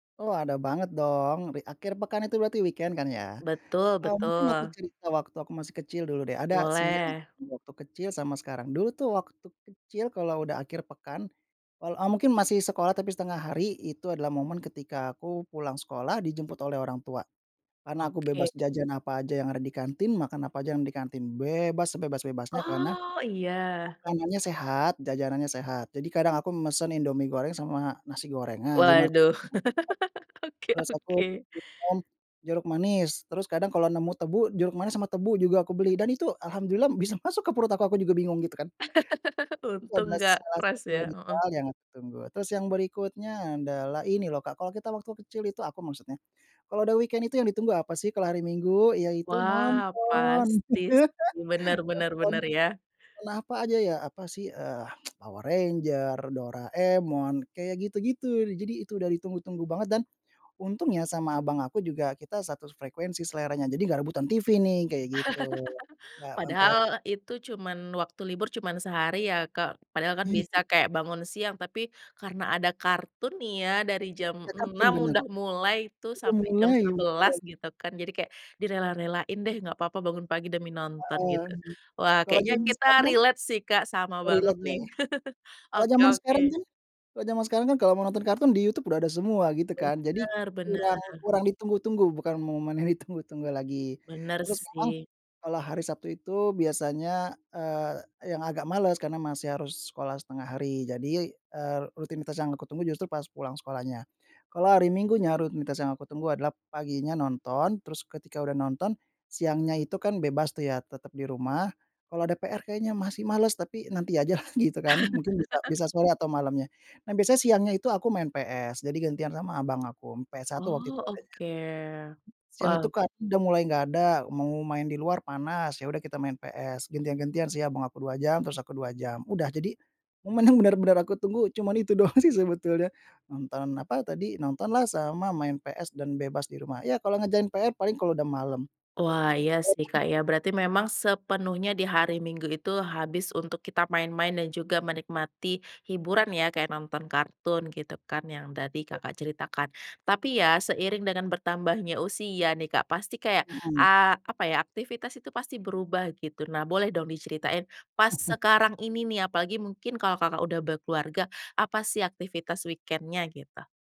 Oh, ada banget dong, bi akhir pekan itu berarti weekend, kan ya, Betul eee, mungkin aku betul. cerita waktu aku masih kecil dulu deh, ada sih, yang Boleh. di waktu kecil sama sekarang. Dulu tuh waktu kecil kalau udah akhir pekan, kal eee, mungkin masih sekolah tapi 1/2 hari, itu adalah momen ketika aku pulang sekolah dijemput oleh orang tua. Karena, aku bebas Oke. jajan apa aja yang ada di kantin, makan apa aja yang di kantin, bebas, sebebas-bebasnya. Karena, Oh iya? makanannya sehat, jajanannya sehat, jadi kadang aku me mesan Indomie goreng sama nasi goreng. Nah, gimana [unintelligible] Waduh, oke Terus aku oke. pesan jeruk manis, terus kadang kalau nemu tebu, jeruk manis sama tebu juga aku beli, dan itu, alhamdulillah bisa masuk ke perut aku aku juga bingung, gitu kan. [unintelligible] itu Untung adalah nggak salah keras, satu, ya, heeh. misal yang aku tunggu, terus yang berikutnya adalah, ini loh Kak, kalau kita waktu kecil itu, aku maksudnya. Kalau udah weekend itu yang ditunggu apa sih, kalau hari Minggu yaitu, nonton. Wah, pasti sih, benar benar Nonton benar, ya. nonton apa aja ya, apa sih, eee, Power Ranger, Doraemon, kayak gitu-gitu, jadi itu udah ditunggu-tunggu banget, dan, untungnya sama abang aku juga kita satu s frekuensi seleranya, jadi nggak rebutan TV nih, kayak gitu, nggak ampe Padahal, itu cuman waktu libur cuman sehari ya, Kak? Padahal kan, bisa, Iya. kayak, bangun siang, tapi, karena ada kartun nih, ya, dari jam Iya, kartun, 6.00 benar! udah mulai tuh, Udah sampai jam mulai, 11.00, udah. gitu kan. Jadi, kayak direla-relain deh, "Enggak apa-apa bangun pagi demi nonton," Heeh, gitu. Wah, kalau kayaknya jaman kita sekarang kan relate sih Kak, sama banget relate, ya? nih. Kalau Oke jaman sekarang oke. kan kalau jaman sekarang kan, kalau mau nonton kartun di YouTube udah ada semua, gitu kan. Jadi, Benar kurang benar. kurang ditunggu-tunggu, bukan momen yang ditunggu-tunggu lagi. Benar Terus, memang sih. kalau hari Sabtu itu biasanya, eee, yang agak males karena masih harus sekolah 1/2 hari, jadi, eee, rutinitas yang aku tunggu justru pas pulang sekolahnya. Kalau hari Minggunya rutinitas yang aku tunggu adalah, paginya nonton, terus ketika udah nonton, siangnya itu kan, bebas tuh, ya, tetap di rumah, kalau ada PR kayaknya masih males, tapi, nanti aja lah gitu kan, mungkin bisa bisa sore atau malamnya. Nah, biasanya siangnya itu aku main PS, jadi gantian sama abang aku, PS1 waktu itu Oh, adanya. oke. Siang itu Wow. kartun udah mulai nggak ada, mau main di luar panas, ya udah kita main PS, gantian-gantian sih abang aku 2 jam, terus aku 2 jam, udah. Jadi, memang benar-benar aku tunggu cuman itu doang sih sebetulnya. Nonton, apa tadi, nontonlah sama main PS dan bebas di rumah, ya kalau ngerjain PR paling kalau udah malam. Wah, iya sih Emang Kak, ya, berarti memang sepenuhnya di hari Minggu itu, habis untuk kita main-main, dan juga menikmati hiburan, ya? Kayak nonton kartun, gitu kan, yang tadi Betul. Kakak ceritakan. Tapi, ya, seiring dengan bertambahnya usia nih, Kak, pasti kayak, Mhm. a apa ya, aktivitas itu pasti berubah, gitu. Nah, boleh dong diceritain pas sekarang ini nih, apalagi, mungkin kalau Kakak udah berkeluarga, apa sih aktivitas weekend-nya, gitu?